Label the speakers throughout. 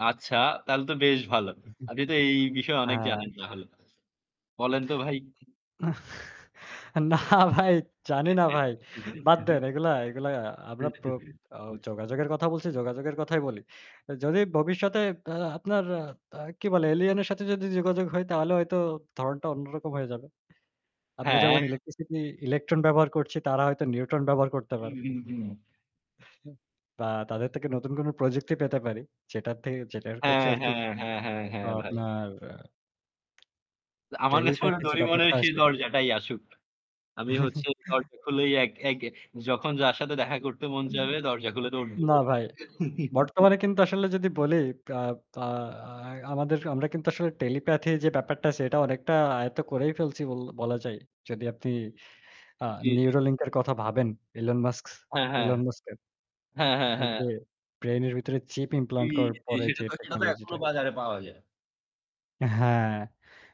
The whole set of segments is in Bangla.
Speaker 1: আচ্ছা, তাহলে তো বেশ ভালো। আপনি তো এই, এই বিষয়ে
Speaker 2: আ
Speaker 1: অনেক জানেন তাহলে। বলেন তো ভাই।
Speaker 2: না ভাই, জানি না ভাই। বাদ দেন। এগুলা, এগুলা আমরা প্র যোগাযোগের কথা বলছি। যোগাযোগের কথাই বলি। যদি ভবিষ্যতে আহ আপনার আ কি বলে এলিয়েনের সাথে যদি যোগাযোগ হয় তাহলে হয়তো ধরণটা অন্যরকম হয়ে যাবে। আমরা যখন
Speaker 1: হ্যাঁ।
Speaker 2: ইলেকট্রিসিটি ইলেকট্রন ব্যবহার করছি, তারা হয়তো নিউট্রন ব্যবহার করতে পারে।
Speaker 1: হুম, হুম, হুম।
Speaker 2: বা তাদের থেকে নতুন কোন প্রযুক্তি পেতে পারি। যেটার থেকে যেটার ক্ষেত্রে
Speaker 1: হ্যাঁ,
Speaker 2: আরকি
Speaker 1: হ্যাঁ, হ্যাঁ, হ্যাঁ,
Speaker 2: তো
Speaker 1: হ্যাঁ ভাই।
Speaker 2: আপনার আ
Speaker 1: আমার কাছে মনে হয়
Speaker 2: টেলিপ্যাথি যে
Speaker 1: ডোরিমনের
Speaker 2: ব্যাপারটা
Speaker 1: সেই
Speaker 2: আছে।
Speaker 1: দরজাটাই আসুক। আমি হচ্ছে দরজা খুলেই এক এক যখন যার সাথে দেখা করতে মন
Speaker 2: এন
Speaker 1: চাবে দরজা খুলে দৌড় দিব।
Speaker 2: না ভাই। বর্তমানে কিন্তু আসলে যদি বলি আ আ আ আমাদের আ আমরা কিন্তু আসলে টেলিপ্যাথি যে ব্যাপারটা আছে এটা অনেকটা আয়ত্ত করেই ফেলছি বল বলা যায়। যদি আপনি আহ
Speaker 1: জ্বী, জ্বী।
Speaker 2: নিউরোলিঙ্ক এর কথা ভাবেন। ইলন মাস্ক,
Speaker 1: হ্যাঁ, হ্যাঁ,
Speaker 2: ইলন মাস্কের।
Speaker 1: হ্যাঁ, হ্যাঁ,
Speaker 2: এই
Speaker 1: হ্যাঁ।
Speaker 2: যে ব্রেইন এর ভিতরে চিপ
Speaker 1: জ্বি,
Speaker 2: ইমপ্লান্ট করার
Speaker 1: জ্বি
Speaker 2: পরে
Speaker 1: সেটা
Speaker 2: যে
Speaker 1: তো, সেটা তো
Speaker 2: টেকনোলজি টা।
Speaker 1: এখনো বাজারে পাওয়া যায়।
Speaker 2: হ্যাঁ।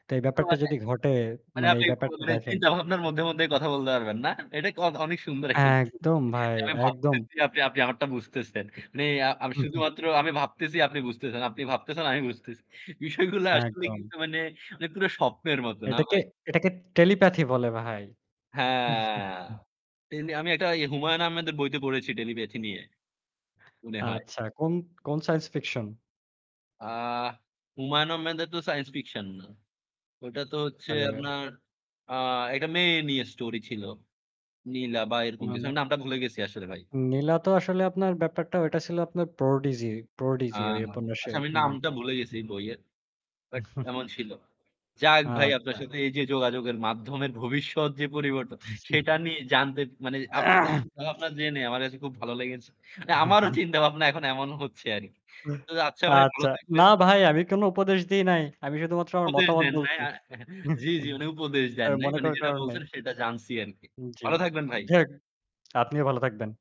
Speaker 2: তো এই
Speaker 1: ও
Speaker 2: ব্যাপারটা
Speaker 1: মানে
Speaker 2: যদি ঘটে,
Speaker 1: মানে
Speaker 2: মানে এই
Speaker 1: আপনি
Speaker 2: ব্যাপারটা দেখেন।
Speaker 1: চিন্তাভাবনার মধ্যে, মধ্যে কথা বলতে পারবেন না? এটা অ অনেক সুন্দর একটা
Speaker 2: হ্যাঁ একদম ভাই,
Speaker 1: যে আমি
Speaker 2: একদম।
Speaker 1: ভাবতেছি আপনি আপনি আমারটা বুঝতেছেন। মানে আমি
Speaker 2: হু-হু।
Speaker 1: শুধুমাত্র আমি ভাবতেছি আপনি বুঝতেছেন। আপনি ভাবতেছেন আমি বুঝতেছি। বিষয়গুলো আসলে
Speaker 2: একদম।
Speaker 1: কিন্তু মানে পুরো স্বপ্নের মতো না
Speaker 2: এটাকে,
Speaker 1: ভাই।
Speaker 2: এটাকে টেলিপ্যাথি বলে ভাই।
Speaker 1: হ্যাঁ। তেমনি আমি একটা ইয়ে হুমায়ূন আহমেদের বইতে পড়েছি টেলিপ্যাথি নিয়ে। মনে হয়।
Speaker 2: আচ্ছা। কোন কোন সায়েন্স ফিকশন?
Speaker 1: আ হুমায়ুন আহমেদের তো সাইন্স ফিকশন না। ওটা তো হচ্ছে
Speaker 2: হ্যালো।
Speaker 1: আপনার আ একটা মেয়ে নিয়ে স্টোরি ছিল। নীলা বা এরকম
Speaker 2: না,
Speaker 1: কিছু।
Speaker 2: না।
Speaker 1: আমি নামটা ভুলে গেছি আসলে ভাই।
Speaker 2: নীলা তো আসলে আপনার ব্যাপারটা ওইটা ছিল আপনার প্রোডিজি,
Speaker 1: আ
Speaker 2: প্রোডিজি ওই
Speaker 1: আচ্ছা
Speaker 2: উপন্যাসের
Speaker 1: আমি নামটা
Speaker 2: নামটা।
Speaker 1: ভুলে গেছি বইয়ের। বাট এমন ছিল। যাক ভাই আপনার
Speaker 2: আচ্ছা।
Speaker 1: সাথে এই যে যোগাযোগের মাধ্যমের ভবিষ্যৎ যে পরিবর্ত সেটা নিয়ে জানতে মানে আপনার চিন্তা ভাবনা জেনে আমার কাছে খুব ভালো লেগেছে। আমারও চিন্তাভাবনা এখন এমন হচ্ছে আরকি। তো আচ্ছা ভাই ভালো
Speaker 2: আচ্ছা। না
Speaker 1: থাকবেন।
Speaker 2: ভাই, আমি কোন উপদেশ দেই নাই। আমি শুধুমাত্র আমার
Speaker 1: উপদেশ
Speaker 2: মতামত
Speaker 1: দেন নাই
Speaker 2: বলছি।
Speaker 1: আহ জ্বি, জ্বি মানে উপদেশ দেন নাই।
Speaker 2: মনে
Speaker 1: মানে
Speaker 2: করার
Speaker 1: যেটা
Speaker 2: কারণ নাই।
Speaker 1: বলছেন সেটা জানছি আরকি।
Speaker 2: জ্বি।
Speaker 1: ভালো থাকবেন ভাই।
Speaker 2: যাই হোক, আপনিও ভালো থাকবেন।